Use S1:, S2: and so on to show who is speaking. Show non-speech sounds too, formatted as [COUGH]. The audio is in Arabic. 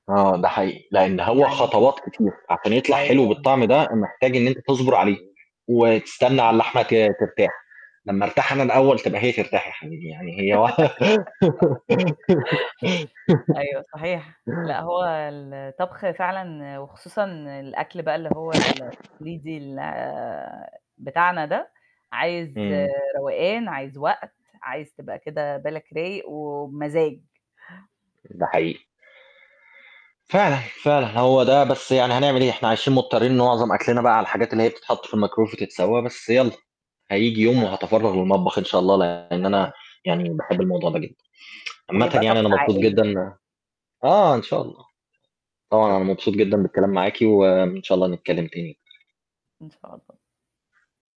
S1: آه، ده حقيقي، لإن هو
S2: يعني
S1: خطوات كتير عشان يطلع حلو
S2: أيوه.
S1: بالطعم ده، محتاج إن أنت تصبر عليه، وتستنى على
S2: مفهوم.
S1: اللحمة ت ترتاح، لمّا أرتاح أنا الأول تبقى هي ترتاح يا حبيبي، يعني هي واح
S2: [LAUGHS] أيوه
S1: [GIGGLES]
S2: صحيح، لأ هو الطبخ فعلًا وخصوصًا الأكل بقى اللي هو التقليدي ال بتاعنا ده، عايز
S1: إمم.
S2: روقان، عايز وقت، عايز تبقى كده بالك رايق وبمزاج.
S1: ده حقيقي. فعلًا، فعلًا هو ده، بس يعني هنعمل إيه؟ إحنا عايشين مضطرين إن معظم أكْلنا بقى على الحاجات اللي هي بتتحط في الميكرويف وتتسوّى بس يالّا، هييجي يوم
S2: آه.
S1: وهاتفرَّغ للمطبخ إن شاء الله، لإن أنا
S2: أيوه.
S1: يعني باحب الموضوع ده جدًا. [TSK] عامةً
S2: ويبقى
S1: يعني
S2: طقس
S1: أنا مبسوط
S2: عائلي
S1: جدًا
S2: كده.
S1: إن آه، إن شاء الله، طبعًا أنا
S2: شكرًا.
S1: مبسوط جدًا بالكلام معاكِ وإن شاء الله نتكلِّم تاني.
S2: إن شاء الله.